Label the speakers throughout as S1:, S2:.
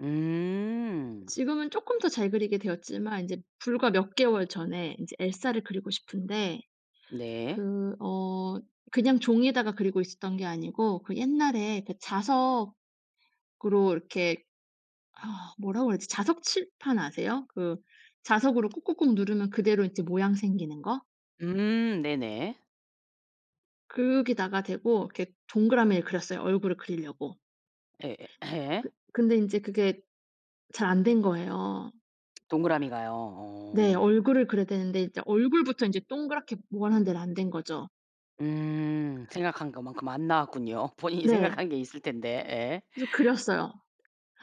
S1: 음.
S2: 지금은 조금 더 잘 그리게 되었지만 이제 불과 몇 개월 전에 이제 엘사를 그리고 싶은데
S1: 네.
S2: 그 어 그냥 종이에다가 그리고 있었던 게 아니고 그 옛날에 그 자석으로 이렇게 어 뭐라고 해야지? 자석 칠판 아세요? 그 자석으로 꾹꾹꾹 누르면 그대로 이제 모양 생기는 거.
S1: 음 네네.
S2: 거기다가 대고 이렇게 동그라미를 그렸어요. 얼굴을 그리려고.
S1: 예예 예.
S2: 그 근데 이제 그게 잘 안 된 거예요.
S1: 동그라미가요.
S2: 네
S1: 어.
S2: 얼굴을 그려야 되는데 이제 얼굴부터 인제 동그랗게 원하는 대로 안 된 거죠.
S1: 음 생각한 것 만큼 안 나왔군요. 본인이
S2: 네.
S1: 생각한 게 있을 텐데. 예.
S2: 그래서 그렸어요.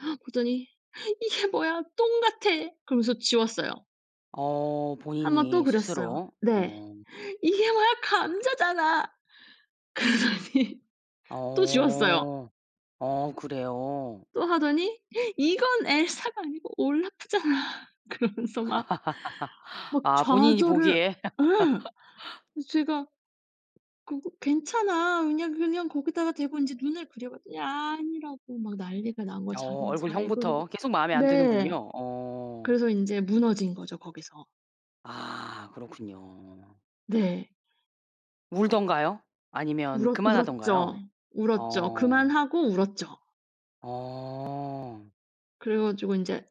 S2: 그랬더니 "이게 뭐야 똥같아." 그러면서 지웠어요.
S1: 어
S2: 1 번 또
S1: 본인이
S2: 그렸어요.
S1: 스스로
S2: 네.
S1: 어.
S2: "이게 뭐야. 감자잖아." 그러더니 또 지웠어요.
S1: 어. 어 그래요?
S2: 또 하더니 "이건 엘사가 아니고 올라프잖아." 그러면서 막 막
S1: 아 본인이
S2: 좌절을
S1: 보기에.
S2: 예. 제가 "그거 괜찮아. 그냥 그냥 거기다가 대고 이제 눈을 그려봐." 그랬더니 아니라고 막 난리가 난 거예요.
S1: 어
S2: 자기는 잘 그리고
S1: 얼굴형부터 계속 마음에 안
S2: 네.
S1: 드는군요. 어.
S2: 그래서 인제 무너진거죠. 거기서.
S1: 아 그렇군요.
S2: 네.
S1: 울던가요? 아니면
S2: 울었 울었죠.
S1: 그만하던가요?
S2: 울었죠.
S1: 어.
S2: 그만하고 울었죠.
S1: 어.
S2: 그래가지고 이제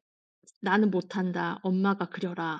S2: "나는 못한다. 엄마가 그려라."